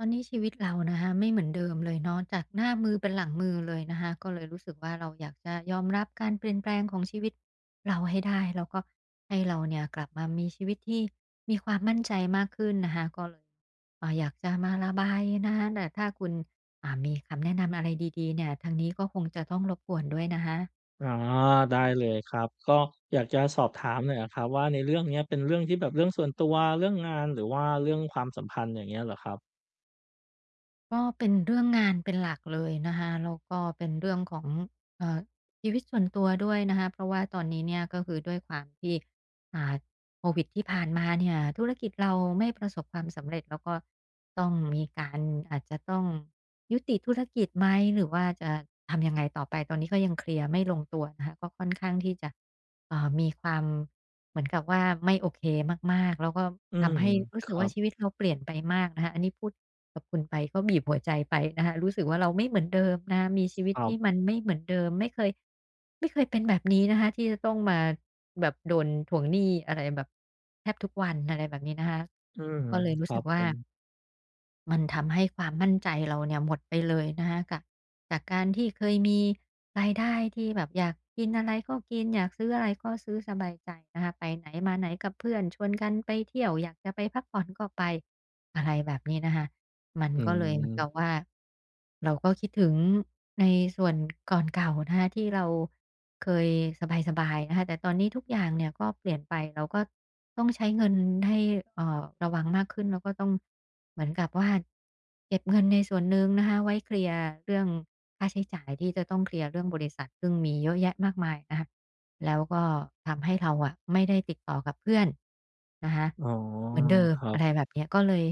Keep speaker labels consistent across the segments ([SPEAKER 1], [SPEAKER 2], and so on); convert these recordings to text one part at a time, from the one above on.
[SPEAKER 1] ตอนนี้ชีวิตเรานะคะไม่เหมือนเดิมเลยเนาะ จากหน้ามือเป็นหลังมือเลยนะคะ ก็เลยรู้สึกว่า เราอยากจะยอมรับการเปลี่ยนแปลงของชีวิตเราให้ได้ แล้วก็ให้เราเนี่ยกลับมามีชีวิตที่มีความมั่นใจมากขึ้นนะคะ ก็เลย อ่า อยากจะมาระบายนะคะ แต่ถ้าคุณ อ่า มีคำแนะนำอะไรดี ๆ เนี่ย ทางนี้ก็คงจะต้องรบกวนด้วยนะคะ
[SPEAKER 2] อ๋อ ได้เลยครับ ก็อยากจะสอบถามหน่อยอะครับว่า ในเรื่องเนี้ยเป็นเรื่องที่แบบเรื่องส่วนตัว เรื่องงาน หรือว่าเรื่องความสัมพันธ์ อย่างเงี้ยเหรอครับ?
[SPEAKER 1] ก็เป็นเรื่องงานเป็นหลักเลยนะคะ แล้วก็เป็นเรื่องของ เอ่อ ชีวิตส่วนตัวด้วยนะคะ เพราะว่าตอนนี้เนี่ยก็คือด้วยความที่ อ่า โควิดที่ผ่านมาเนี่ยธุรกิจเราไม่ประสบความสำเร็จ แล้วก็ต้องมีการ อาจจะต้องยุติธุรกิจไหม หรือว่าจะทำยังไงต่อไป ตอนนี้ก็ยังเคลียร์ไม่ลงตัวนะคะ ก็ค่อนข้างที่จะ เอ่อ มีความ เหมือนกับว่า ไม่โอเคมาก ๆ แล้วก็
[SPEAKER 2] อื
[SPEAKER 1] ท
[SPEAKER 2] ม
[SPEAKER 1] ำให้รู้
[SPEAKER 2] ค
[SPEAKER 1] สึก
[SPEAKER 2] ร
[SPEAKER 1] ว
[SPEAKER 2] ั
[SPEAKER 1] ่า
[SPEAKER 2] บ
[SPEAKER 1] ชีวิตเราเปลี่ยนไปมากนะคะ อันนี้พูดกับคุณไปก็บีบหัวใจไปนะคะ รู้สึกว่า เราไม่เหมือนเดิมนะคะ มีชีวิต
[SPEAKER 2] คร
[SPEAKER 1] ที่
[SPEAKER 2] ับ
[SPEAKER 1] มันไม่เหมือนเดิม ไม่เคย ไม่เคยเป็นแบบนี้นะคะ ที่จะต้องมาแบบโดนทวงหนี้อะไรแบบแทบทุกวัน อะไรแบบนี้นะคะ
[SPEAKER 2] อืม
[SPEAKER 1] ก็เลยร
[SPEAKER 2] ค
[SPEAKER 1] ู้
[SPEAKER 2] รั
[SPEAKER 1] สึ
[SPEAKER 2] บ
[SPEAKER 1] กว
[SPEAKER 2] ผ
[SPEAKER 1] ่า
[SPEAKER 2] ม
[SPEAKER 1] มันทำให้ความมั่นใจเราเนี่ยหมดไปเลยนะคะ กะ จากการที่เคยมีรายได้ที่แบบอยากกินอะไรก็กิน อยากซื้ออะไรก็ซื้อสบายใจนะคะ ไปไหนมาไหนกับเพื่อนชวนกันไปเที่ยว อยากจะไปพักผ่อนก็ไป อะไรแบบนี้นะคะ มัน
[SPEAKER 2] อื
[SPEAKER 1] ก็เลยเหมือนกั
[SPEAKER 2] ม
[SPEAKER 1] บว่า เราก็คิดถึงในส่วน ก่อนเก่านะคะ ที่เราเคยสบาย ๆ นะคะ แต่ตอนนี้ทุกอย่างเนี่ยก็เปลี่ยนไป เราก็ต้องใช้เงินให้ เอ่อ ระวังมากขึ้นแล้วก็ต้องเหมือนกับว่าเก็บเงินในส่วนหนึ่งนะคะ ไว้เคลียร์เรื่อง ค่าใช้จ่ายที่จะต้องเคลียร์เรื่องบริษัท ซึ่งมีเยอะแยะมากมายนะคะ แล้วก็ทำให้เราอะไม่ได้ติดต่อกับเพื่อนนะคะ
[SPEAKER 2] อ๋อ
[SPEAKER 1] เหมือนเดิม
[SPEAKER 2] ครั
[SPEAKER 1] อ
[SPEAKER 2] บ
[SPEAKER 1] ะไรแบบเนี้ย ก็เลย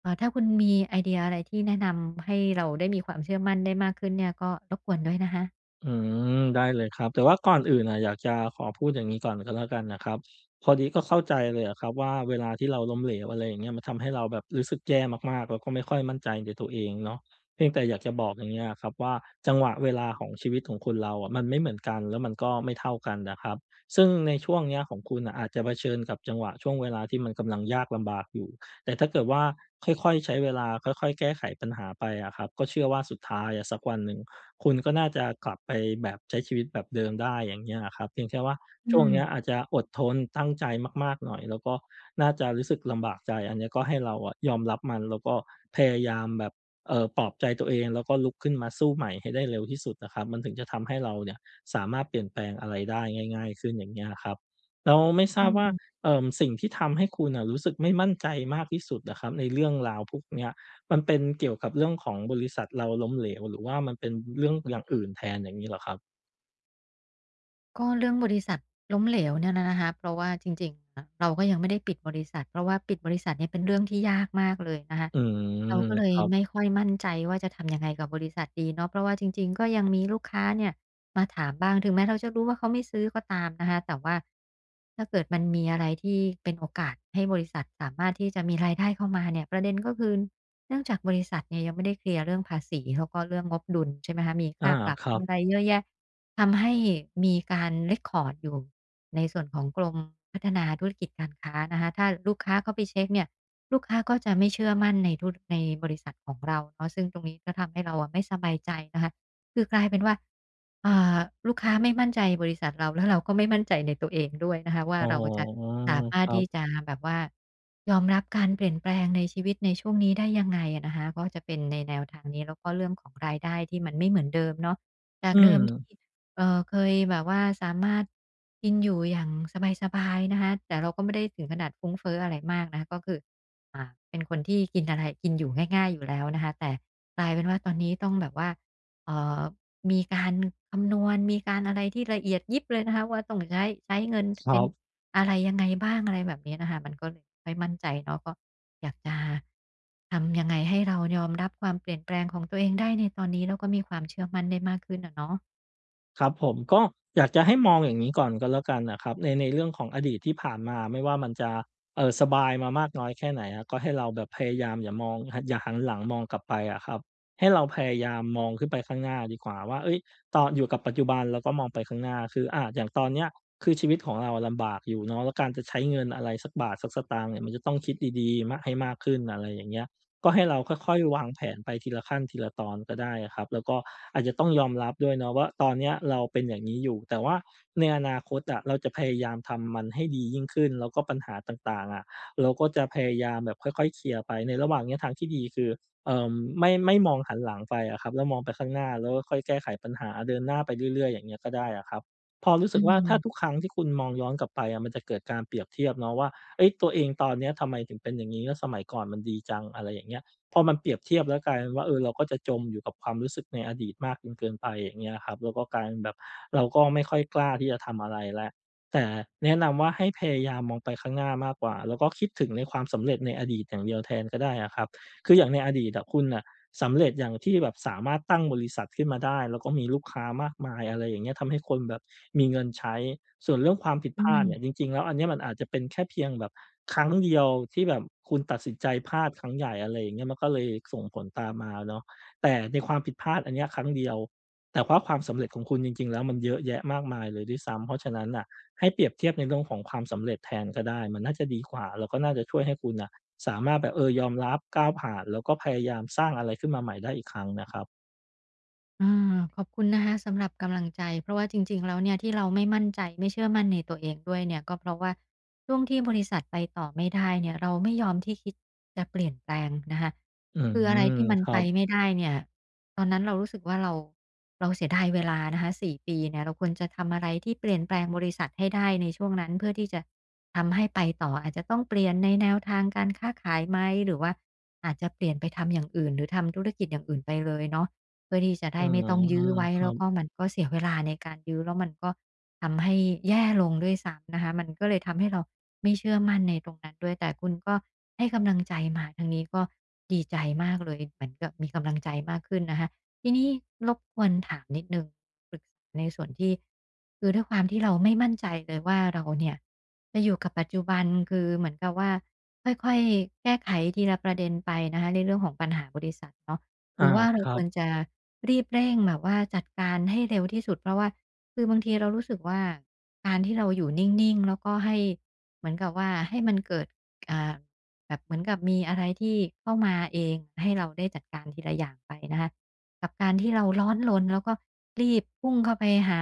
[SPEAKER 1] เอ่อ ถ้าคุณมีไอเดียอะไรที่แนะนำให้เราได้มีความเชื่อมั่นได้มากขึ้นเนี่ย ก็รบกวนด้วยนะคะ
[SPEAKER 2] อืม ได้เลยครับ แต่ว่าก่อนอื่นน่ะอยากจะขอพูดอย่างงี้ก่อนก็แล้วกันน่ะครับ พอดีก็เข้าใจเลยอะครับว่า เวลาที่เราล้มเหลว อะไรอย่างเงี้ย มันทำให้เราแบบรู้สึกแย่มาก ๆ แล้วก็ไม่ค่อยมั่นใจในตัวเองเนาะ เพียงแต่อยากจะบอกอย่างเงี้ยอะครับว่า จังหวะเวลาของชีวิตของคนเราอะมันไม่เหมือนกัน แล้วมันก็ไม่เท่ากันนะครับ ซึ่งในช่วงเนี้ยของคุณน่ะอาจจะเผชิญกับจังหวะช่วงเวลาที่มันกำลังยากลำบากอยู่ แต่ถ้าเกิดว่าค่อย ๆ ใช้เวลาค่อย ๆ แก้ไขปัญหาไปอะครับ ก็เชื่อว่าสุดท้ายอะสักวันหนึ่ง คุณก็น่าจะกลับไปแบบใช้ชีวิตแบบเดิมได้ อย่างเงี้ยอะครับ เพียงแค่ว่า
[SPEAKER 1] อื
[SPEAKER 2] ช่วงเนี้ย
[SPEAKER 1] ม
[SPEAKER 2] อาจจะอดทน ตั้งใจมาก ๆ หน่อย แล้วก็น่าจะรู้สึกลำบากใจ อันเนี้ยก็ให้เราอะยอมรับมัน แล้วก็พยายามแบบ เอ่อ ปลอบใจตัวเองแล้วก็ลุกขึ้นมาสู้ใหม่ให้ได้เร็วที่สุดนะครับ มันถึงจะทำให้เราเนี่ยสามารถเปลี่ยนแปลงอะไรได้ง่าย ๆ ขึ้นอย่างเงี้ยครับ แล้วไม่ท
[SPEAKER 1] อ
[SPEAKER 2] ราบว่า
[SPEAKER 1] ืม
[SPEAKER 2] เอ่อ สิ่งที่ทำให้คุณน่ะรู้สึกไม่มั่นใจมากที่สุดอะครับในเรื่องราวพวกเนี้ย มันเป็นเกี่ยวกับเรื่องของบริษัทเราล้มเหลว หรือว่ามันเป็นเรื่องอย่างอื่นแทนอย่างงี้เหรอครับ?
[SPEAKER 1] ก็เรื่องบริษัทล้มเหลวเนี่ยน่ะนะคะ เพราะว่าจริง ๆ อะเราก็ยังไม่ได้ปิดบริษัท เพราะว่าปิดบริษัทเนี่ยเป็นเรื่องที่ยากมากเลยนะคะ
[SPEAKER 2] อืม
[SPEAKER 1] เราก็เล
[SPEAKER 2] ค
[SPEAKER 1] ย
[SPEAKER 2] รับ
[SPEAKER 1] ไม่ค่อยมั่นใจว่า จะทำยังไงกับบริษัทดีเนาะ เพราะว่าจริง ๆ ก็ยังมีลูกค้าเนี่ยมาถามบ้าง ถึงแม้เราจะรู้ว่า เขาไม่ซื้อก็ตามนะคะ แต่ว่าถ้าเกิดมันมีอะไรที่เป็นโอกาสให้บริษัทสามารถที่จะมีรายได้เข้ามาเนี่ย ประเด็นก็คือเนื่องจากบริษัทเนี่ยยังไม่ได้เคลียร์เรื่องภาษี แล้วก็เรื่องงบดุลใช่ไหมคะ มี
[SPEAKER 2] อ
[SPEAKER 1] ค
[SPEAKER 2] า
[SPEAKER 1] ่าปรับ
[SPEAKER 2] ครั
[SPEAKER 1] มี
[SPEAKER 2] บ
[SPEAKER 1] อะไรเยอะแยะ ทำให้มีการ เร็กคอร์ด อยู่ในส่วนของกรมพัฒนาธุรกิจการค้านะคะ ถ้าลูกค้าเข้าไปเช็กเนี่ย ลูกค้าก็จะไม่เชื่อมั่นในธุร ในบริษัทของเราเนาะ ซึ่งตรงนี้ก็ทำให้เราอะไม่สบายใจนะคะ คือกลายเป็นว่า อ่า ลูกค้าไม่มั่นใจบริษัทเรา แล้วเราก็ไม่มั่นใจในตัวเองด้วยนะคะว่
[SPEAKER 2] อ
[SPEAKER 1] า
[SPEAKER 2] ๋อ
[SPEAKER 1] เราจะสามา
[SPEAKER 2] ค
[SPEAKER 1] รถ
[SPEAKER 2] รั
[SPEAKER 1] ที
[SPEAKER 2] บ
[SPEAKER 1] ่จะแบบว่ายอมรับการเปลี่ยนแปลงในชีวิตในช่วงนี้ได้ยังไงอะนะคะ ก็จะเป็นในแนวทางนี้ แล้วก็เรื่องของรายได้ที่มันไม่เหมือนเดิมเนาะ จ
[SPEAKER 2] อ
[SPEAKER 1] า
[SPEAKER 2] ื
[SPEAKER 1] กเดิมที่
[SPEAKER 2] ม
[SPEAKER 1] เออ เคยแบบว่าสามารถกินอยู่อย่างสบาย ๆ นะคะ แต่เราก็ไม่ได้ถึงขนาดฟุ้งเฟ้ออะไรมากนะคะ ก็คือ อ่า เป็นคนที่กินอะไร กินอยู่ง่าย ๆ อยู่แล้วนะคะ แต่กลายเป็นว่า ตอนนี้ต้องแบบว่า เอ่อ มีการคำนวณ มีการอะไรที่ละเอียดยิบเลยนะคะว่า ต้องใช้ ใช้เงิน
[SPEAKER 2] คร
[SPEAKER 1] เป
[SPEAKER 2] ั
[SPEAKER 1] ็น
[SPEAKER 2] บ
[SPEAKER 1] อะไรยังไงบ้าง อะไรแบบเนี้ยน่ะค่ะ มันก็เลยไม่ค่อยมั่นใจ แล้วก็อยากจะ ทำยังไงให้เรายอมรับความเปลี่ยนแปลงของตัวเองได้ในตอนนี้ แล้วก็มีความเชื่อมั่นได้มากขึ้นอะเนาะ
[SPEAKER 2] ครับผม ก็อยากจะให้มองอย่างงี้ก่อนก็แล้วกันน่ะครับ ใน ในเรื่องของอดีตที่ผ่านมา ไม่ว่ามันจะ เอ่อ สบายมามากน้อยแค่ไหนอะ ก็ให้เราแบบพยายามอย่ามอง ห อย่าหันหลังมองกลับไปอะครับ ให้เราพยายามมองขึ้นไปข้างหน้าดีกว่าว่า เฮ้ย ตอ อยู่กับปัจจุบันแล้วก็มองไปข้างหน้า คือ อา อย่างตอนเนี้ยคือชีวิตของเราลำบากอยู่เนาะ แล้วการจะใช้เงินอะไรสักบาท สักสตางค์เนี่ยมันจะต้องคิดดี ๆ มะ ให้มากขึ้น อะไรอย่างเงี้ย ก็ให้เราค่อย ๆ วางแผนไปทีละขั้นทีละตอนก็ได้อะครับ แล้วก็อาจจะต้องยอมรับด้วยเนาะว่า ตอนเนี้ยเราเป็นอย่างงี้อยู่ แต่ว่าในอนาคตอะเราจะพยายามทำมันให้ดียิ่งขึ้น แล้วก็ปัญหาต่าง ๆ อะ เราก็จะพยายามแบบค่อย ๆ เคลียร์ไป ในระหว่างเนี้ยทางที่ดีคือ เอ่อ ไม่ ไม่มองหันหลังไปอะครับ แล้วมองไปข้างหน้าแล้วก็ค่อยแก้ไขปัญหา เดินหน้าไปเรื่อย ๆ อย่างเงี้ยก็ได้อะครับ พอรู้ส
[SPEAKER 1] อ
[SPEAKER 2] ึ
[SPEAKER 1] ื
[SPEAKER 2] กว่า ถ้า
[SPEAKER 1] ม
[SPEAKER 2] ทุกครั้งที่คุณมองย้อนกลับไปอะ มันจะเกิดการเปรียบเทียบเนาะว่า เฮ้ย ตัวเองตอนเนี้ยทำไมถึงเป็นอย่างงี้ แล้วสมัยก่อนมันดีจัง อะไรอย่างเงี้ย พอมันเปรียบเทียบแล้วกลายเป็นว่า เออ เราก็จะจมอยู่กับความรู้สึกในอดีตมากจนเกินไป อย่างเงี้ยครับ แล้วก็กลายเป็นแบบเราก็ไม่ค่อยกล้าที่จะทำอะไรแล้ว แต่แนะนำว่า ให้พยายามมองไปข้างหน้ามากกว่า แล้วก็คิดถึงในความสำเร็จในอดีตอย่างเดียวแทนก็ได้อะครับ คืออย่างในอดีตอะคุณน่ะสำเร็จอย่างที่แบบสามารถตั้งบริษัทขึ้นมาได้ แล้วก็มีลูกค้ามากมาย อะไรอย่างเงี้ย ทำให้คนแบบมีเงินใช้ ส่วนเรื่องความผิด
[SPEAKER 1] อ
[SPEAKER 2] พ
[SPEAKER 1] ื
[SPEAKER 2] ลาดเนี่ย
[SPEAKER 1] ม
[SPEAKER 2] จริง ๆ แล้วอันเนี้ยมันอาจจะเป็นแค่เพียงแบบครั้งเดียว ที่แบบคุณตัดสินใจพลาดครั้งใหญ่ อะไรอย่างเงี้ย มันก็เลยส่งผลตามมาเนาะ แต่ในความผิดพลาดอันเนี้ยครั้งเดียว แต่เพราะความสำเร็จของคุณจริง ๆ แล้วมันเยอะแยะมากมายเลยด้วยซ้ำ เพราะฉะนั้นน่ะ ให้เปรียบเทียบในเรื่องของความสำเร็จแทนก็ได้ มันน่าจะดีกว่า แล้วก็น่าจะช่วยให้คุณน่ะสามารถแบบ เออ ยอมรับ ก้าวผ่าน แล้วก็พยายามสร้างอะไรขึ้นมาใหม่ได้อีกครั้งนะครับ
[SPEAKER 1] อืม ขอบคุณนะคะสำหรับกำลังใจ เพราะว่าจริง ๆ แล้วเนี่ยที่เราไม่มั่นใจ ไม่เชื่อมั่นในตัวเองด้วยเนี่ย ก็เพราะว่าช่วงที่บริษัทไปต่อไม่ได้เนี่ย เราไม่ยอมที่ คิดจะเปลี่ยนแปลงนะคะ
[SPEAKER 2] อื
[SPEAKER 1] คือ
[SPEAKER 2] ม
[SPEAKER 1] อะไรที่มัน
[SPEAKER 2] ครั
[SPEAKER 1] ไป
[SPEAKER 2] บ
[SPEAKER 1] ไม่ได้เนี่ยตอนนั้นเรารู้สึกว่า เรา เราเสียดายเวลานะคะ 4 ปีเนี่ย เราควรจะทำอะไรที่เปลี่ยนแปลงบริษัทให้ได้ในช่วงนั้น เพื่อที่จะทำให้ไปต่อ อาจจะต้องเปลี่ยนในแนวทางการค้าขายไหม? หรือว่าอาจจะเปลี่ยนไปทำอย่าง อื่น หรือทำธุรกิจอย่างอื่นไปเลยเนาะ เพื่อที่จะได
[SPEAKER 2] อื
[SPEAKER 1] ้ไม่
[SPEAKER 2] ม
[SPEAKER 1] ต้องยื้อไว้
[SPEAKER 2] คร
[SPEAKER 1] แ
[SPEAKER 2] ั
[SPEAKER 1] ล้ว
[SPEAKER 2] บ
[SPEAKER 1] ก็มันก็เสียเวลา ในการยื้อ แล้วมันก็ทำให้แย่ลงด้วยซ้ำนะคะ มันก็เลยทำให้เราไม่เชื่อมั่นในตรงนั้นด้วย แต่คุณก็ให้กำลังใจมา ทางนี้ก็ดีใจมากเลย เหมือนกับมีกำลังใจ มากขึ้นนะคะ ทีนี้รบกวนถามนิดหนึ่ง ปรึกษาในส่วนที่ คือด้วยความที่เราไม่มั่นใจเลยว่า เราเนี่ยจะอยู่กับปัจจุบัน คือเหมือนกับว่า ค่อย ๆ แก้ไขทีละประเด็นไปนะคะในเรื่องของปัญหาบริษัทเนาะ
[SPEAKER 2] อ
[SPEAKER 1] หร
[SPEAKER 2] า
[SPEAKER 1] ือว่าเร
[SPEAKER 2] ค
[SPEAKER 1] า
[SPEAKER 2] รั
[SPEAKER 1] คว
[SPEAKER 2] บ
[SPEAKER 1] รจะรีบเร่งแบบว่าจัดการให้เร็วที่สุด เพราะว่า คือบางทีเรารู้สึกว่า การที่เราอยู่นิ่ง ๆ แล้วก็ให้ เหมือนกับว่า ให้มันเกิด อ่า แบบเหมือนกับมีอะไรที่เข้ามาเอง ให้เราได้จัดการทีละอย่างไปนะคะ กับการที่เราร้อนรนแล้วก็รีบพุ่งเข้าไปหา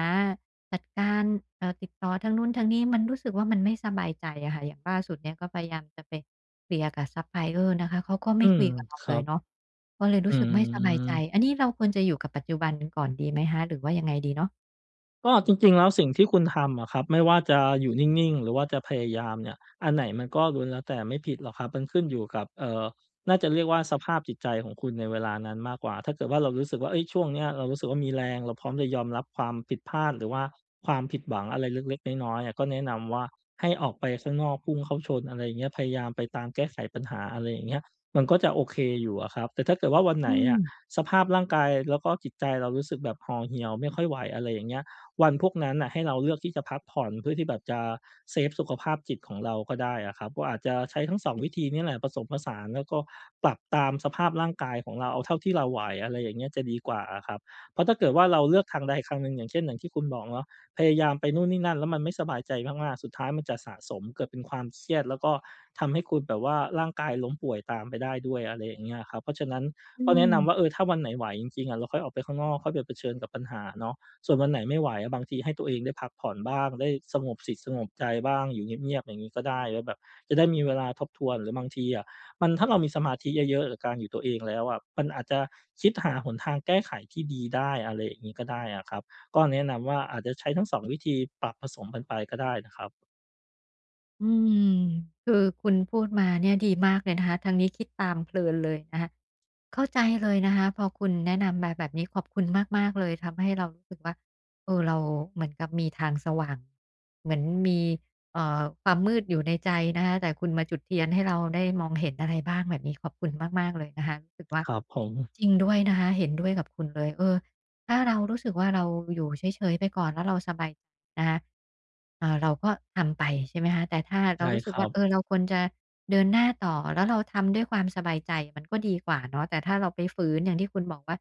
[SPEAKER 1] จัดการ เอ่อ ติดต่อทางนู้นทางนี้ มันรู้สึกว่า มันไม่สบายใจอะค่ะ อย่างล่าสุดเนี่ยก็พยายามจะไปเคลียร์กับซัปพลายเออร์นะคะ เขาก็ไม
[SPEAKER 2] อื
[SPEAKER 1] ่ค
[SPEAKER 2] ม
[SPEAKER 1] ุยกับเรา
[SPEAKER 2] ค
[SPEAKER 1] เ
[SPEAKER 2] รั
[SPEAKER 1] ลย
[SPEAKER 2] บ
[SPEAKER 1] เนาะ ก็เลยร
[SPEAKER 2] อ
[SPEAKER 1] ู้สึกไม่สบายใจ
[SPEAKER 2] ืม
[SPEAKER 1] อันนี้เราควรจะอยู่กับปัจจุบันก่อนดีไหมคะ? หรือว่ายังไงดีเนาะ?
[SPEAKER 2] ก็จริง ๆ แล้วสิ่งที่คุณทำอะครับ ไม่ว่าจะอยู่นิ่ง ๆ หรือว่าจะพยายามเนี่ย อันไหนมันก็ล้วนแล้วแต่ไม่ผิดหรอกครับ มันขึ้นอยู่กับ เอ่อ น่าจะเรียกว่าสภาพจิตใจของคุณในเวลานั้นมากกว่า ถ้าเกิดว่าเรารู้สึกว่า เอ๊ย ช่วงเนี้ยเรารู้สึกว่ามีแรง เราพร้อมจะยอมรับความผิดพลาด หรือว่าความผิดหวังอะไรเล็ก ๆ น้อย ๆ อะ ก็แนะนำว่าให้ออกไปข้างนอกพุ่งเข้าชน อะไรอย่างเงี้ย พยายามไปตามแก้ไขปัญหา อะไรอย่างเงี้ย มันก็จะโอเคอยู่อะครับ แต่ถ้าเกิดว่าวันไห
[SPEAKER 1] อ
[SPEAKER 2] น
[SPEAKER 1] ื
[SPEAKER 2] อะ
[SPEAKER 1] ม
[SPEAKER 2] สภาพร่างกายแล้วก็จิตใจเรา รู้สึกแบบห่อเหี่ยวไม่ค่อยไหว อะไรอย่างเงี้ย วันพวกนั้นน่ะให้เราเลือกที่จะพักผ่อน เพื่อที่แบบจะเซฟสุขภาพจิตของเราก็ได้อะครับ ก็อาจจะใช้ทั้ง 2 วิธีเนี่ยแหละผสมผสาน แล้วก็ปรับตามสภาพร่างกายของเรา เอาเท่าที่เราไหว อะไรอย่างเงี้ย จะดีกว่าอะครับ เพราะถ้าเกิดว่าเราเลือกทางใดคังหนึ่ง อย่างเช่น อย่างที่คุณบอกเนาะ พยายามไปนู่นนี่นั่น แล้วมันไม่สบายใจมาก ๆ สุดท้ายมันจะสะสมเกิดเป็นความเครียด แล้วก็ทำให้คุณแบบว่า ร่างกายล้มป่วยตามไปได้ด้วย อะไรอย่างเงี้ยอะครับ เพราะฉะนั้น
[SPEAKER 1] อื
[SPEAKER 2] ก็แนะน
[SPEAKER 1] ม
[SPEAKER 2] ำว่า เออ ถ้าวันไหนไหวจริง ๆ อะ เราค่อยออกไปข้างนอก ค่อยไปเผชิญกับปัญหาเนาะ ส่วนวันไหนไม่ไหวอะ บางทีให้ตัวเองได้พักผ่อนบ้าง ได้สงบ จิตสงบใจบ้าง อยู่เงียบ ๆ อย่างงี้ก็ได้ แล้วแบบจะได้มีเวลาทบทวน หรือบางทีอะ มัน ถ้าเรามีสมาธิเยอะ ๆ ล การอยู่ตัวเองแล้วอะ ปันอาจจะคิดหาหนทางแก้ไขที่ดีได้ อะไรอย่างงี้ ก็ได้อะครับ ก็แนะนำว่าอาจจะใช้ทั้ง 2 วิธีปรับผสมปันไปก็ได้นะครับ
[SPEAKER 1] อืม คือคุณพูดมาเนี่ยดีมากเลยนะคะ ทางนี้คิดตามเพลินเลยนะคะ เข้าใจเลยนะคะพอคุณแนะนำมาแบบนี้ ขอบคุณมาก ๆ เลย ทำให้เรารู้สึกว่า เออ เราเหมือนกับมีทางสว่าง เหมือนมี เอ่อ ความมืดอยู่ในใจนะคะ แต่คุณมาจุดเทียนให้เราได้มองเห็นอะไรบ้าง แบบนี้ขอบคุณมาก ๆ เลยนะคะ รู้สึกว่า
[SPEAKER 2] ครับผม
[SPEAKER 1] จริงด้วยนะคะ เห็นด้วยกับคุณเลย เออ ถ้าเรารู้สึกว่า เราอยู่เฉย ๆ ไปก่อน แล้วเราสบาย นะคะ อ่า เราก็ทำไปใช่ไหมคะ? แต่ถ้าเ
[SPEAKER 2] ใ
[SPEAKER 1] ร
[SPEAKER 2] ช
[SPEAKER 1] า
[SPEAKER 2] ่
[SPEAKER 1] รู้
[SPEAKER 2] ค
[SPEAKER 1] สึก
[SPEAKER 2] รั
[SPEAKER 1] ว่า
[SPEAKER 2] บ
[SPEAKER 1] เออ เราควรจะเดินหน้าต่อ แล้วเราทำด้วยความสบายใจมันก็ดีกว่าเนาะ แต่ถ้าเราไปฝืน อย่างที่คุณบอกว่า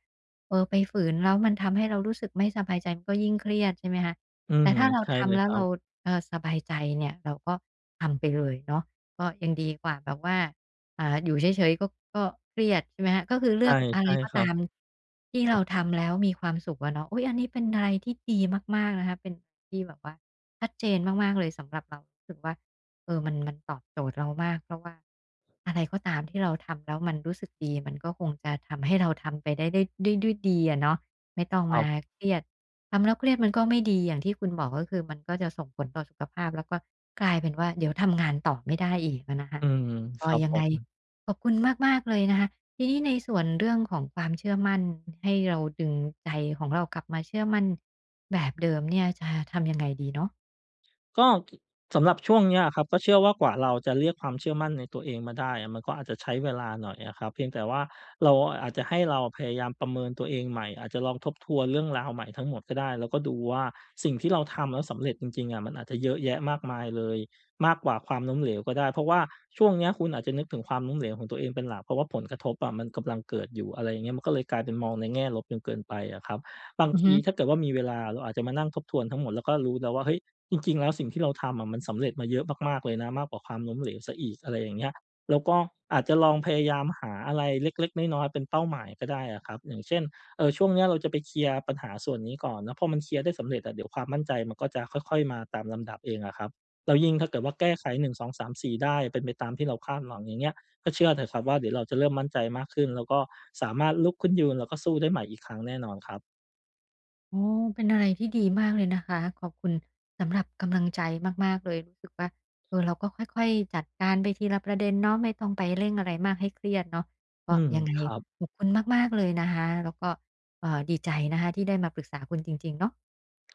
[SPEAKER 1] เออ ไปฝืนแล้วมันทำให้เรารู้สึกไม่สบายใจ มันก็ยิ่งเครียดใช่ไหมคะ?
[SPEAKER 2] อื
[SPEAKER 1] แต่
[SPEAKER 2] ม
[SPEAKER 1] ถ้าเรา
[SPEAKER 2] ใช่
[SPEAKER 1] ท
[SPEAKER 2] เลย
[SPEAKER 1] ำแล้
[SPEAKER 2] ค
[SPEAKER 1] ว
[SPEAKER 2] รั
[SPEAKER 1] เร
[SPEAKER 2] บ
[SPEAKER 1] า เอ่อ สบายใจเนี่ย เราก็ทำไปเลยเนาะ ก็ยังดีกว่าแบบว่า อ่า อยู่เฉย ๆ ก็ ก็เครียดใช่ไหมคะ? ก็คือเ
[SPEAKER 2] ใ
[SPEAKER 1] ล
[SPEAKER 2] ช
[SPEAKER 1] ื
[SPEAKER 2] ่
[SPEAKER 1] อกอะ
[SPEAKER 2] ใ
[SPEAKER 1] ไ
[SPEAKER 2] ช
[SPEAKER 1] ร
[SPEAKER 2] ่
[SPEAKER 1] ก็
[SPEAKER 2] คร
[SPEAKER 1] ต
[SPEAKER 2] ับ
[SPEAKER 1] ามที่เราทำแล้วมีความสุขอะเนาะ อุ๊ย! อันนี้เป็นอะไรที่ดีมาก ๆ นะคะ เป็น ที่แบบว่าชัดเจนมาก ๆ เลย สำหรับเรารู้สึกว่า เออ มัน มันตอบโจทย์เรามาก เพราะว่าอะไรก็ตามที่เราทำ แล้วมันรู้สึกดี มันก็คงจะทำให้เราทำไปได้ ได้ ได้ด้วยดีอะเนาะ ไม่ต้อง
[SPEAKER 2] คร
[SPEAKER 1] ม
[SPEAKER 2] ั
[SPEAKER 1] า
[SPEAKER 2] บ
[SPEAKER 1] เครียด ทำแล้วเครียดมันก็ไม่ดี อย่างที่คุณบอก ก็คือมันก็จะส่งผลต่อสุขภาพ แล้วก็กลายเป็นว่า เดี๋ยวทำงานต่อไม่ได้อีกอะนะคะ
[SPEAKER 2] อืม
[SPEAKER 1] ก
[SPEAKER 2] ค
[SPEAKER 1] ็
[SPEAKER 2] รับ
[SPEAKER 1] ยั
[SPEAKER 2] ผ
[SPEAKER 1] งไง
[SPEAKER 2] ม
[SPEAKER 1] ขอบคุณมาก ๆ เลยนะคะ ทีนี้ในส่วนเรื่องของความเชื่อมั่น ด ให้เราดึงใจของเรากลับมาเชื่อมั่นแบบเดิมเนี่ย จะทำยังไงดีเนาะ?
[SPEAKER 2] ก็ สำหรับช่วงเนี้ยอะครับก็เชื่อว่า กว่าเราจะเรียกความเชื่อมั่นในตัวเองมาได้อะ มันก็อาจจะใช้เวลาหน่อยอะครับ เพียงแต่ว่าเรา อาจจะให้เราพยายามประเมินตัวเองใหม่ อาจจะลองทบทวนเรื่องราวใหม่ทั้งหมดก็ได้ แล้วก็ดูว่า สิ่งที่เราทำแล้วสำเร็จจริง ๆ อะ มันอาจจะเยอะแยะมากมายเลย มากกว่าความล้มเหลวก็ได้ เพราะว่าช่วงเนี้ยคุณอาจจะนึกถึงความล้มเหลวของตัวเองเป็นหลัก เพราะว่าผลกระทบอะมันกำลังเกิดอยู่ อะไรอย่างเงี้ย มันก็เลยกลายเป็นมองในแง่ลบจนเกินไปอะครับ บาง
[SPEAKER 1] อือ
[SPEAKER 2] ท
[SPEAKER 1] ฮ
[SPEAKER 2] ี
[SPEAKER 1] ึ
[SPEAKER 2] ถ้าเกิดว่ามีเวลา เราอาจจะมานั่งทบทวนทั้งหมดแล้วก็รู้แล้วว่า เฮ้ย จริง ๆ แล้วสิ่งที่เราทำอะมันสำเร็จมาเยอะมาก ๆ เลยนะ มากกว่าความล้มเหลวเสียอีก อะไรอย่างเงี้ย แล้วก็อาจจะลองพยายามหาอะไรเล็ก ๆ น้อย ๆ เป็นเป้าหมายก็ได้อะครับ อย่างเช่น เอ่อ ช่วงเนี้ยเราจะไปเคลียร์ปัญหาส่วนนี้ก่อนเนาะ พอมันเคลียร์ได้สำเร็จอะ เดี๋ยวความมั่นใจมันก็จะค่อย ๆ มาตามลำดับเองอะครับ แล้วยิ่งถ้าเกิดว่าแก้ไข 1 2 3 4 ได้ เป็นไปตามที่เราคาดหวัง อย่างเงี้ย ก็เชื่อเถอะครับว่า เดี๋ยวเราจะเริ่มมั่นใจมากขึ้น แล้วก็สามารถลุกขึ้นยืน แล้วก็สู้ได้ใหม่อีกครั้งแน่นอนครับ
[SPEAKER 1] โอ้ เป็นอะไรที่ดีมากเลยนะคะ ขอบคุณสำหรับกำลังใจมาก ๆ เลย รู้สึกว่า เออ เราก็ค่อย ๆ จัดการไปทีละประเด็นเนาะ ไม่ต้องไปเร่งอะไรมากให้เครียดเนาะ ก
[SPEAKER 2] อื
[SPEAKER 1] ็
[SPEAKER 2] ม
[SPEAKER 1] ยังไง
[SPEAKER 2] ครับ
[SPEAKER 1] ขอบคุณมาก ๆ เลยนะคะ แล้วก็ เอ่อ ดีใจนะคะที่ได้มาปรึกษาคุณจริง ๆ เนาะ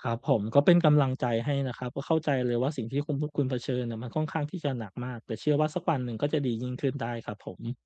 [SPEAKER 2] ครับผม ก็เป็นกำลังใจให้นะครับ ก็เข้าใจเลยว่า สิ่งที่คุณพุ คุณเผชิญน่ะมันค่อนข้างที่จะหนักมาก แต่เชื่อว่าสักวันหนึ่งก็จะดียิ่งขึ้นได้ครับผม